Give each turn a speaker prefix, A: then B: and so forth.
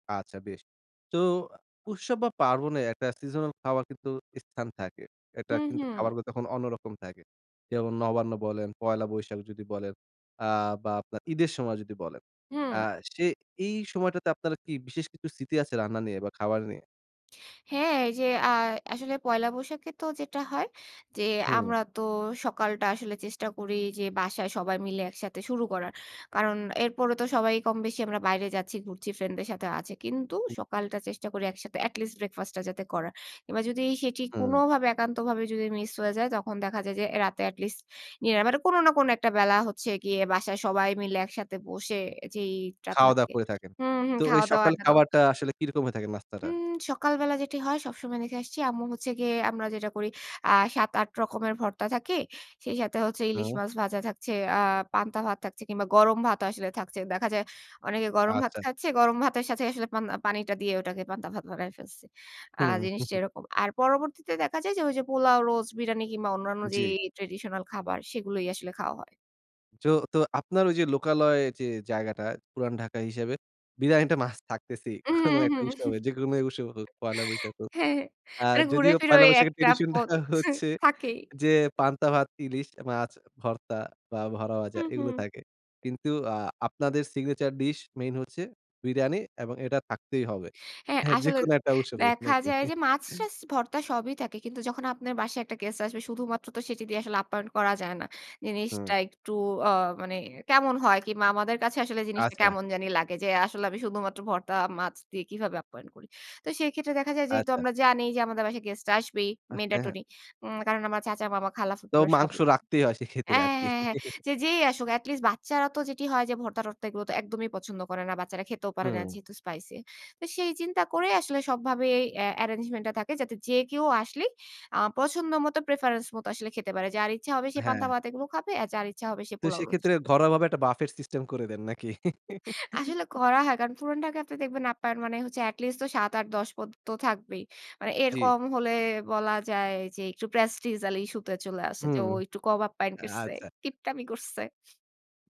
A: আচ্ছা, বেশ। তো উৎসব বা পার্বণে একটা সিজনাল খাবার কিন্তু স্থান থাকে। একটা
B: হুম,
A: কিন্তু
B: হুম।
A: খাবারগুলো তখন অন্যরকম থাকে। যেমন নবান্ন বলেন, পহেলা বৈশাখ যদি বলেন, আ বা আপনার ঈদের সময় যদি বলেন। আ
B: হুম।
A: সে এই সময়টাতে আপনারা কি বিশেষ কিছু স্মৃতি আছে, রান্না নিয়ে বা খাবার নিয়ে?
B: হ্যাঁ, এই যে আর আসলে পয়লা বৈশাখে তো যেটা হয়, যে
A: হুম।
B: আমরা তো সকালটা আসলে চেষ্টা করি যে, বাসায় সবাই মিলে একসাথে শুরু করার। কারণ এরপরেও তো সবাই কম বেশি আমরা বাইরে যাচ্ছি, ঘুরছি ফ্রেন্ডদের সাথেও আছে। কিন্তু
A: হু।
B: সকালটা চেষ্টা করি একসাথে, at least breakfast টা যাতে করার। কিংবা যদি সেটি
A: হুম।
B: কোনভাবে, একান্তভাবে যদি মিস হয়ে যায়, তখন দেখা যায় যে এ রাতে at least ইয়ে, মানে কোন না কোন একটা বেলা হচ্ছে গিয়ে বাসায় সবাই মিলে একসাথে বসে যেইটা
A: খাওয়া-দাওয়া
B: থাকে
A: করে থাকেন।
B: হুম, হুম,
A: তো ঐ
B: খাও-দাও,
A: সকালে
B: আড্ডা দাও।
A: খাবারটা আসলে কি রকম হয়ে থাকে নাস্তাটা?
B: উম সকালবেলা যেটি হয়, সবসময় দেখে আসছি আম্মু হচ্ছে গিয়ে, আমরা যেটা করি, আ ৭, ৮ রকমের ভর্তা থাকে। সেই সাথে হচ্ছে ইলিশ
A: হুম।
B: মাছ ভাজা থাকছে, আ পান্তা ভাত থাকছে, কিংবা গরম ভাতও আসলে থাকছে। দেখা যায় অনেকে গরম ভাত
A: আচ্ছা।
B: খাচ্ছে। গরম ভাতের সাথে আসলে, পান পানিটা দিয়ে ঐটাকে পান্তা ভাত বানায় ফেলছি। আ
A: হুম।
B: জিনিসটা এরকম। আর পরবর্তীতে দেখা যায় যে ঐ যে পোলাও, রোজ, বিরানি কিংবা অন্যান্য যে,
A: জি।
B: traditional খাবার, সেগুলোই আসলে খাওয়া হয়।
A: জো তো আপনার ঐ যে লোকালয় যে জায়গাটা পুরান ঢাকা হিসেবে বিরানিটা মাস্ট থাকতেছেই, কোন
B: উম
A: একটা
B: হুম।
A: উৎসবে, যেকোনো উৎসব হোক, পয়লা বৈশাখ হোক।
B: হ্যাঁ।
A: আর
B: মানে
A: যদিও
B: ঘুরে-ফিরে ঐ
A: পহেলা
B: ১
A: বৈশাখের
B: টা
A: tradition টা
B: পদ আছে,
A: হচ্ছে
B: থাকেই।
A: যে পান্তা ভাত, ইলিশ মাছ, ভর্তা বা বড়া
B: হু,
A: ভাজা এগুলো
B: হু।
A: থাকে। কিন্তু আ আপনাদের signature dish মেইন হচ্ছে বিরানি, এবং এটা থাকতেই হবে
B: হ্যাঁ,
A: হ্যা
B: আসলে,
A: যেকোন একটা উৎসবে, না
B: দেখা
A: কি?
B: যায় যে মাছ-টাছ, ভর্তা সবই থাকে। কিন্তু যখন আপনার বাসায় একটা গেস্ট আসবে, শুধুমাত্র তো সেটি দিয়ে আসলে অ্যাপ্যায়ন করা যায় না।
A: হুম।
B: জিনিসটা একটু আ মানে কেমন হয় কিংবা আমাদের কাছে আসলে জিনিসটা
A: আচ্ছা।
B: কেমন জানি লাগে যে, আসলে আমি শুধুমাত্র ভর্তা, মাছ দিয়ে কিভাবে অ্যাপ্যায়ন করি? তো সেই ক্ষেত্রে দেখা যায়, যেহেতু
A: আচ্ছা।
B: আমরা জানি যে, আমাদের বাসায় গেস্টরা আসবেই,
A: হ্যাঁ, হ্যাঁ।
B: mandatory. উম কারণ আমার চাচা, মামা, খালা,
A: তো
B: ফুফুরা সব
A: মাংস রাখতেই হয়, সে ক্ষেত্রে
B: অ্যাঁ,
A: আরকি।
B: হ্যাঁ, হ্যাঁ। যে, যেই আসুক, at least বাচ্চারা তো যেটি হয় যে, ভর্তা-টর্তা এগুলো তো একদমই পছন্দ করে না। বাচ্চারা খেতেও পারে না,
A: হুম।
B: যেহেতু spicy তো সেই চিন্তা করেই আসলে সবভাবে আ arrangement টা থাকে, যাতে যে কেউ আসলেই আ পছন্দ মতো, preference মতো আসলে খেতে পারে। যার ইচ্ছা হবে সে পান্তা
A: হ্যাঁ।
B: ভাত এগুলো খাবে, আর যার ইচ্ছা হবে সে
A: তো
B: পোলাও, রোস্ট।
A: সেক্ষেত্রে ঘরোয়া ভাবে একটা buffet system করে দেন নাকি?
B: আসলে করা হয়। কারণ, পুরান ঢাকাতে দেখবেন আপনার, মানে হচ্ছে at least তো ৭, ৮, ১০ পদ তো থাকবেই। মানে এর
A: জি।
B: কম হলে বলা যায় যে, একটু prestigial issue তে চলে আসে যে,
A: হুম,
B: ও একটু কম আপ্যায়ন
A: আ
B: করছে,
A: আচ্ছা।
B: কিপটামি করছে।